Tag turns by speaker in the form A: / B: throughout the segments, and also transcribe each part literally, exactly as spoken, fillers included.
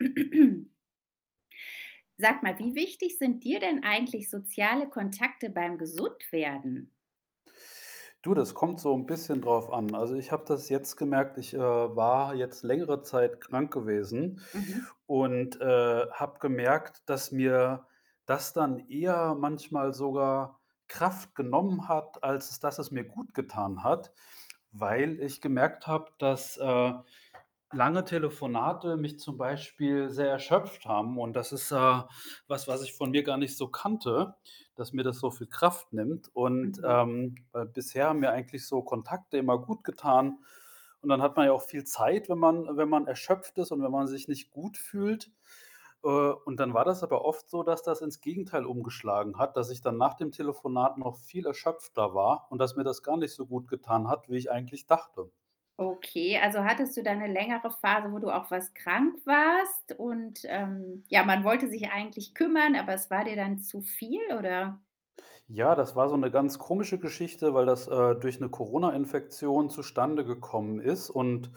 A: Sag mal, wie wichtig sind dir denn eigentlich soziale Kontakte beim Gesundwerden?
B: Du, das kommt so 'n bisschen drauf an. Also, ich habe das jetzt gemerkt, ich, äh, war jetzt längere Zeit krank gewesen
A: Mhm.
B: und, äh, habe gemerkt, dass mir das dann eher manchmal sogar Kraft genommen hat, als dass es mir gutgetan hat, weil ich gemerkt habe, dass, äh, lange Telefonate mich zum Beispiel sehr erschöpft haben. Und das ist, äh, was, was ich von mir gar nicht so kannte, dass mir das so viel Kraft nimmt. Und,
A: Mhm.
B: ähm, äh, bisher haben mir eigentlich so Kontakte immer gutgetan. Und dann hat man ja auch viel Zeit, wenn man wenn man erschöpft ist und wenn man sich nicht gut fühlt. Äh, und dann war das aber oft so, dass das ins Gegenteil umgeschlagen hat, dass ich dann nach dem Telefonat noch viel erschöpfter war und dass mir das gar nicht so gutgetan hat, wie ich eigentlich dachte.
A: Okay. Also, hattest du da 'ne längere Phase, wo du auch was krank warst und, ähm, ja, man wollte sich eigentlich kümmern, aber es war dir dann zu viel, oder?
B: Ja, das war so 'ne ganz komische Geschichte, weil das, äh, durch 'ne Corona-Infektion zustande gekommen ist. Und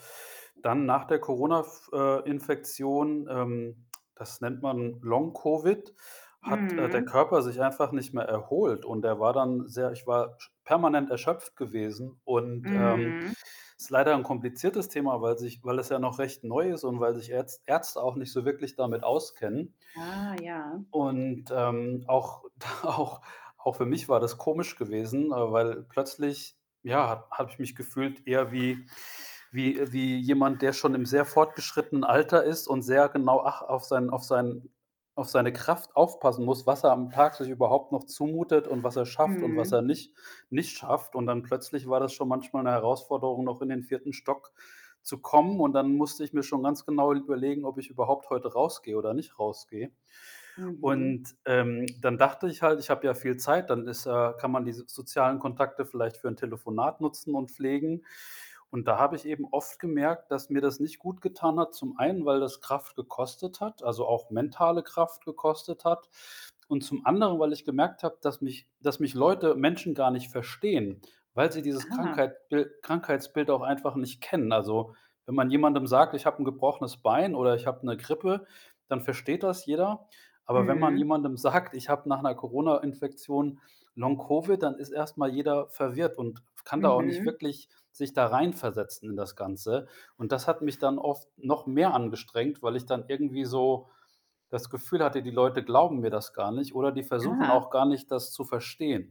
B: dann nach der Corona f äh, Infektion, ähm, das nennt man Long-Covid, hat, äh, der
A: Mhm.
B: Körper sich einfach nicht mehr erholt. Und er war dann sehr ich war sch permanent erschöpft gewesen. Und, ähm,
A: Mhm.
B: ist leider 'n kompliziertes Thema, weil sich weil es ja noch recht neu ist und weil sich Ärz Ärzte auch nicht so wirklich damit auskennen.
A: Ah ja.
B: Und, ähm, auch auch auch für mich war das komisch gewesen, äh, weil plötzlich, ja, ha habe ich mich gefühlt eher wie wie wie jemand, der schon im sehr fortgeschrittenen Alter ist und sehr genau ach auf sein auf sein auf seine Kraft aufpassen muss, was er am Tag sich überhaupt noch zumutet und was er schafft und was er
A: Mhm.
B: nicht nicht schafft. Und dann plötzlich war das schon manchmal 'ne Herausforderung, noch in den vierten Stock zu kommen. Und dann musste ich mir schon ganz genau überlegen, ob ich überhaupt heute rausgehe oder nicht rausgehe.
A: Mhm.
B: Und, ähm, dann dachte ich halt, ich habe ja viel Zeit, dann ist, äh kann man diese sozialen Kontakte vielleicht für 'n Telefonat nutzen und pflegen. Und da habe ich eben oft gemerkt, dass mir das nicht gutgetan hat. Zum einen, weil das Kraft gekostet hat, also, auch mentale Kraft gekostet hat. Und zum anderen, weil ich gemerkt habe, dass mich dass mich Leute, Menschen gar nicht verstehen, weil sie dieses
A: Ah.
B: Krankheitbil Krankheitsbild auch einfach nicht kennen. Also, wenn man jemandem sagt: „Ich habe 'n gebrochenes Bein“, oder „Ich habe 'ne Grippe“, dann versteht das jeder. Aber wenn man
A: Mhm.
B: jemandem sagt: „Ich habe nach 'ner Corona-Infektion Long-Covid“, dann ist erst mal jeder verwirrt und kann da auch nicht
A: Mhm.
B: wirklich sich da reinversetzen in das Ganze. Und das hat mich dann oft noch mehr angestrengt, weil ich dann irgendwie so das Gefühl hatte, die Leute glauben mir das gar nicht oder die versuchen auch
A: Ah.
B: gar nicht, das zu verstehen.